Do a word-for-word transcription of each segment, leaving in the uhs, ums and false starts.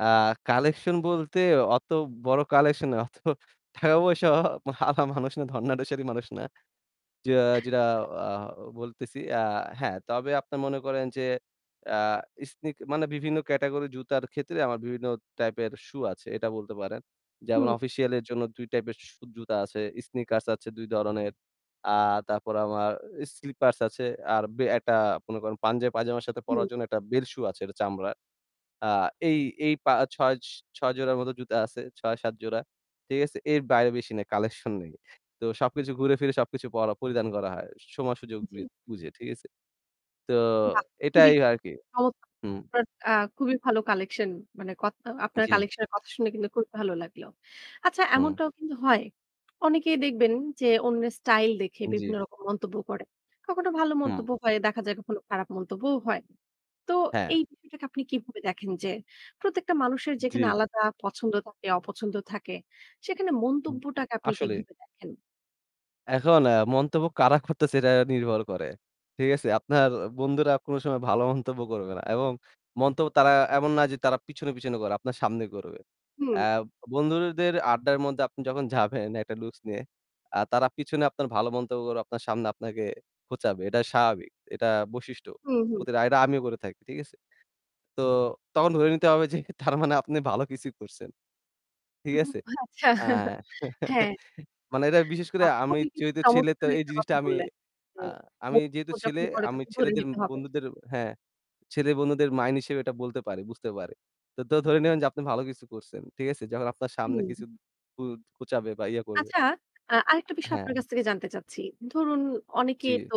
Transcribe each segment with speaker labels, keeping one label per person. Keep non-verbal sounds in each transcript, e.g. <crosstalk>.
Speaker 1: এ্যা collection বলতে অত বড় কালেকশন না অত টাকা পয়সা ওয়া আলা মানুষ না ধর্ণাঢ্যশালী মানুষ না। যে যেটা আ বলতেছি আ হ্যাঁ, তবে আপনারা মনে করেন যে এ্যা স্নিক মানে বিভিন্ন ক্যাটাগরি জুতার ক্ষেত্রে আমার বিভিন্ন টাইপের সূ আছে এটা বলতে পারেন। যেমন
Speaker 2: হুম।
Speaker 1: অফিসিয়ালের জন্য দুই টাইপের সু জুতা আছে, স্নিকার্স আছে দুই দরনের। আর তারপর আমার স্লিপার্স আছে আর বে একটা মনে করেন পাঞ্জাবি পায়জামার সাথে
Speaker 2: হুম
Speaker 1: পড়ার জন্য একটা বেল সু আছে এটা চামড়ার। আ এই এই, পা ছ ছয় জোড়ার মত জুতা আছে। ছয়-সাত জোড়া। ঠিক আছে? এর বাইরে বেশি নাই, কালেকশন নেই। তো সবকিছু ঘুরে ফিরে সবকিছু পর পরিধান করা হয়। সময় সুযোগ
Speaker 2: জ্বী।
Speaker 1: বুয়ে বুঝে ঠিক আছে। তো
Speaker 2: বাহ! খুবই,
Speaker 1: এটাই আরকি।
Speaker 2: চমত
Speaker 1: হুম,
Speaker 2: <unintelligible> আ খুবই ভালো কালেকশন মানে কথ আ আপনার
Speaker 1: জ্বী।
Speaker 2: কালেকশন এর কথা শুনে কিন্তু খুবই ভালো লাগলো। আচ্ছা
Speaker 1: হুম।
Speaker 2: এমনটাও কিন্তু হয়। অনেকেই দেখবেন যে অন্যের স্টাইল দেখে
Speaker 1: জ্বি।
Speaker 2: বিভিন্ন রকম মন্তব্য করে। কখনো ভালো
Speaker 1: হুম।
Speaker 2: মন্তব্য হয়, দেখা যায় কখনো খারাপ মন্তব্যও হয়। তো
Speaker 1: হ্যাঁ।
Speaker 2: এই বিষয়টাকে আপনি কিভাবে দেখেন যে, প্রত্যেকটা মানুষের যেখানে
Speaker 1: জি।
Speaker 2: আলাদা পছন্দ থাকে, অপছন্দ থাকে, সেখানে
Speaker 1: উ
Speaker 2: মন্তব্যটাকে আপনি
Speaker 1: আসলে।
Speaker 2: কিভাবে দেখেন?
Speaker 1: এখন এ্যা মন্তব্য কারা করতেছে এটা নির্ভর করে। ঠিক আছে? আপনার বন্ধুরা কোন সময় ভালো মন্তব্য করবে না। এবং মন্তব্য তারা এমন না যে তারা পিছনে, পিছনে করে আপনার সামনে করবে।
Speaker 2: হুম।
Speaker 1: এ্যা বন্ধুদের আড্ডার মধ্যে আপনি যখন যাবেন একটা লুকস নিয়ে। এ্যা তারা পিছনে আপনার ভালো মন্তব্য করে আপনার সামনে আপনাকে খোঁচাবে। এটা স্বাভাবিক। এটা বৈশিষ্ট্য।
Speaker 2: হুম, হুম।
Speaker 1: প্রতিটা এটা আমিও করে থাকি। ঠিক আছে? তো তখন ধরে নিতে হবে যে তার মানে আপনি ভালো কিছু করছেন। ঠিক
Speaker 2: হুম,
Speaker 1: আছে?
Speaker 2: আচ্ছা,
Speaker 1: আ <chuckles>
Speaker 2: হ্যাঁ।
Speaker 1: মানে এটা বিশেষ করে
Speaker 2: বাহ!
Speaker 1: আমি
Speaker 2: খুবই
Speaker 1: যেহেতু ছেলে তো
Speaker 2: চমৎকার
Speaker 1: এই
Speaker 2: একটা
Speaker 1: জিনিসটা
Speaker 2: কথা
Speaker 1: আমি
Speaker 2: বললেন। যে
Speaker 1: আ আমি যেহেতু
Speaker 2: <unintelligible>
Speaker 1: ছেলে আমি
Speaker 2: তখন ধরে
Speaker 1: ছেলেদের
Speaker 2: নিতে হবে।
Speaker 1: বন্ধুদের হ্যাঁ। ছেলে বন্ধুদের মাইন্ড হিসেবে এটা বলতে পারি বুঝতে পারে। তো ধরে নেবেন যে আপনি ভালো কিছু করছেন। ঠিক আছে? যখন আপনার সামনে
Speaker 2: হুম।
Speaker 1: কিছু খু খোঁচাবে বা ইয়ে করবে।
Speaker 2: আচ্ছা, আ আরেকটা
Speaker 1: আ
Speaker 2: বিষয়
Speaker 1: হ্যাঁ।
Speaker 2: আপনার কাছ থেকে জানতে চাচ্ছি। ধরুন অনেকে
Speaker 1: জ্বী।
Speaker 2: তো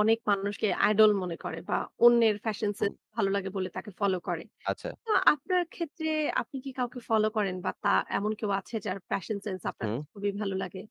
Speaker 2: অনেক মানুষকে আইডল মনে করে বা অন্যের ফ্যাশন সেন্স
Speaker 1: হুম।
Speaker 2: ভালো লাগে বলে তাকে ফলো করে।
Speaker 1: আচ্ছা।
Speaker 2: তো আপনার ক্ষেত্রে আপনি কি কাউকে ফলো করেন বা তা এমন কেউ আছে যার ফ্যাশন সেন্স আপনার
Speaker 1: হুম।
Speaker 2: কাছে খুবই ভালো লাগে?